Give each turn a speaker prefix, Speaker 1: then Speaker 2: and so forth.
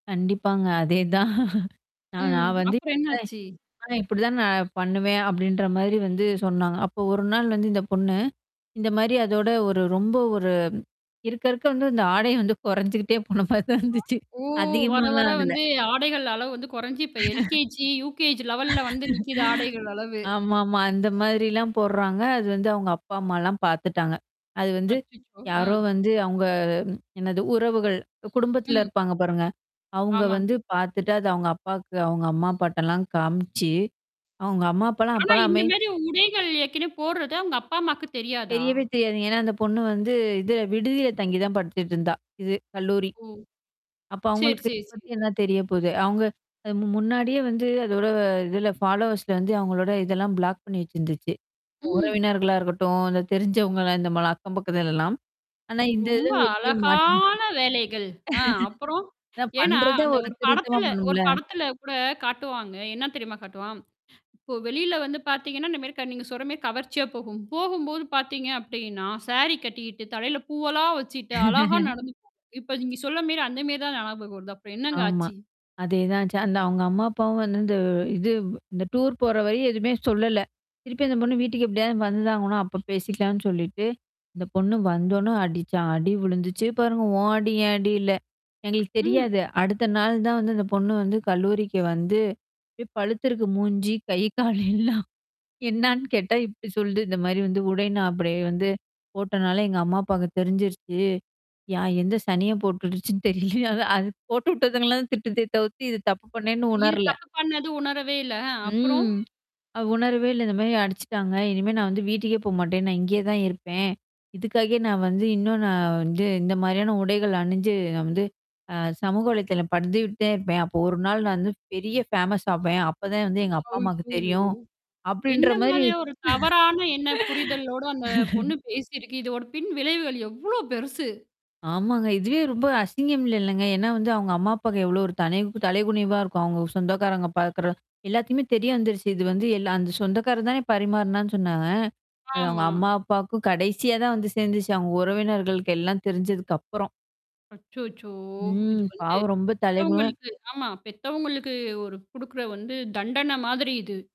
Speaker 1: கண்டிப்பாங்க. அதேதான். நா
Speaker 2: ம்.
Speaker 1: நான் வந்து
Speaker 2: அப்புறம் என்னாச்சு?
Speaker 1: [unintelligible] ஆனா இப்படிதான் நான் பண்ணுவேன் அப்படின்ற மாதிரி வந்து சொன்னாங்க. அப்போ ஒரு நாள் வந்து இந்த பொண்ணு. இந்த மாரி அதோட ஒரு ரொம்ப ஒரு இருக்க இருக்க வந்து அந்த ஆடை வந்து குறைஞ்சுகிட்டே போன மாரி தான் இருந்துச்சு.
Speaker 2: ஓ! வர வர
Speaker 1: அதிகமாலாம் ஆகல.
Speaker 2: வந்து ஆடைகள் அளவு வந்து குறைஞ்சு. இப்ப L.K.G, U.K.G லெவல்ல வந்து நிக்குது ஆடைகள் அளவு.
Speaker 1: ஆமாமா. அந்த மாதிரிலாம் போடுறாங்க. அது வந்து அவுங்க அப்பா அம்மாலாம் பார்த்துட்டாங்க. அது வந்து.
Speaker 2: அச்சச்சோ!
Speaker 1: யாரோ
Speaker 2: ஆ.
Speaker 1: வந்து அவுங்க ம். என்னது உறவுகள், அ குடும்பத்தில
Speaker 2: ம்.
Speaker 1: இருப்பாங்க பாருங்க. அவங்க
Speaker 2: ஆமாங்க.
Speaker 1: வந்து பார்த்துட்டு அது அவுங்க அப்பாக்கு அவுங்க அம்மா பாட்டெல்லாம் காமிச்சு அவுங்க அம்மா அப்பலாம்
Speaker 2: ஆனா, இந்த
Speaker 1: அப்பலாமே
Speaker 2: மாரி உடைகள் ஏர்க்கனவே போடுறது அவுங்க அப்பா அம்மாக்கு தெரியாதா?
Speaker 1: தெரியவே தெரியாது. ஏன்னா, அந்த பொண்ணு வந்து இது விடுதியில தங்கி தான் படிச்சிட்டு இருந்தா. இது கல்லூரி.
Speaker 2: ஓ.
Speaker 1: அப்ப
Speaker 2: சரி,
Speaker 1: அவங்களுக்கு
Speaker 2: சரி,
Speaker 1: பத்தி
Speaker 2: சரி.
Speaker 1: என்னா தெரிய போகுது. அவங்க அது மு முன்னாடியே வந்து அதோட இதுல ஃபாலோவர்ஸ்ல வந்து அவங்களோட இதெல்லாம் பிளாக் பண்ணி வச்சிருந்துச்சு.
Speaker 2: ம்.
Speaker 1: உறவினர்களா இருக்கட்டும், இந்த தெரிஞ்சவங்கள இந்த மாலா அக்கம் பக்கத்துலல்லாம். ஆனா இந்த
Speaker 2: ரொம்ப
Speaker 1: இதல்ல எப்படியே மாட்டங்கிச்சு.
Speaker 2: அழகான வேலைகள். அ அப்புறம்
Speaker 1: அதா
Speaker 2: ஏன்னா
Speaker 1: பண்றதே
Speaker 2: அந்த
Speaker 1: ஒரு
Speaker 2: ஒரு
Speaker 1: திருத்தமா
Speaker 2: படத்துல ஒரு
Speaker 1: பண்ணும்ல.
Speaker 2: படத்துல கூட காட்டுவாங்க. என்ன தெரியுமா காட்டுவான்? இப்போ வெளியில வந்து பாத்தீங்கன்னா, இந்த மாரி க நீங்க சொல்ற மாரி கவர்ச்சியா போகும். போகும்போது பாத்தீங்க அப்டின்னா, சாரி கட்டிக்கிட்டு தலையில பூவெலாம் வச்சுட்டு அழகா நடந்து போ. இப்ப நீங்க சொல்ல மேரி அந்த மேரி தான் நியாபகம் வருது. அப்புறம் என்னங்க
Speaker 1: ஆமா.
Speaker 2: ஆச்சு?
Speaker 1: அதேதான் ஆச்சு. அந்த அவுங்க அம்மா அப்பாவும் வந்து இந்த இது வ் இந்த டூர் போற வரையும் எதுவுமே சொல்லல. திருப்பி அந்த பொண்ணு வீட்டுக்கு எப்படியாவது வந்துதா ஆகணும் அப்ப பேசிக்கலான்னு சொல்லிட்டு. அந்த பொண்ணு வந்தோனே அடிச்சா அடி விழுந்துச்சு பாருங்க ஓ அடி ஏன் அடி இல்ல. எங்களுக்கு
Speaker 2: ம்.
Speaker 1: தெரியாது. அடுத்த நாள் தான் வந்து அந்த பொண்ணு வந்து கல்லூரிக்கு வந்து இப் பழுத்தருக்கு மூஞ்சி கை கால எல்லாம். என்னான்னு கேட்டா இப்படி சொல்து இந்த மாரி வந்து உடை நான் அப்படியே வந்து போட்டனால எங்க அம்மா அப்பாங்க தெரிஞ்சிருச்சு. யா எந்த சனியன் போட்டுடுச்சுன்னு தெரில அது போட்டு விட்டதுங்கலாம் திட்டுதே தவுத்து இது தப்பு பண்ணேன்னு
Speaker 2: இது
Speaker 1: உணரல.
Speaker 2: தப்பு பண்ணது உணரவே இல்ல. ஆ. அப்புறம்.
Speaker 1: ம். அ உணர்வே இல்ல இந்த மாரி அடிச்சுட்டாங்க. இனிமே நான் வந்து வீட்டுக்கே போமாட்டேன். நான் இங்கேயே தான் இருப்பேன். இதுக்காக நான் வந்து இன்னும் நான் வந்து இந்த மாரியான உடைகள் அணிஞ்சு நான் வந்து அ சமூக வலைதளம் பதிவிட்டுடே தான் இருப்பேன். அப்போ ஒரு நாள் நான் வந்து பெரிய ஃபேமஸ் ஆவேன். அப்பதான் வந்து எங்க அப்பா அம்மாவுக்கு
Speaker 2: ஹய்யய்யோ.
Speaker 1: தெரியும். அப்படின்ற
Speaker 2: எந்த
Speaker 1: மாரி.
Speaker 2: மாதிரி ஒரு தவறான என்ன புரிதலோட அந்த பொண்ணு பேசியிருக்கு? இதோட பின் விளைவுகள் எவ்ளோ பெருசு?
Speaker 1: ஆமாங்க. இதுவே ரொம்ப அசிங்கம் இல்லல்லங்க. ஏன்னா வந்து அவங்க அம்மா அப்பாக்கு எவ்வளோ ஒரு தலைவ் தலைகுனிவா இருக்கும். அவங்க சொந்தக்காரங்க பார்க்கற எல்லாத்தையுமே தெரிய வந்துருச்சு. இது வந்து எல்லா அந்த சொந்தக்கார தானே பரிமாறனான்னு சொன்னாங்க. அது அவங்க
Speaker 2: ஆமா.
Speaker 1: அம்மா அப்பாவுக்கும் கடைசியா தான் வந்து சேந்துச்சு. அவங்க உறவினர்களுக்கு எல்லாம் தெரிஞ்சதுக்கப்புறம்.
Speaker 2: அச்சோச்சோ! இது
Speaker 1: ம்.
Speaker 2: வந்து
Speaker 1: பாவம் ரொம்ப தலைகுணிவ
Speaker 2: பெத்தவங்களுக்கு ஆமா பெத்தவங்களுக்கு ஒரு குடுக்குற வந்து தண்டன மாதிரி இது.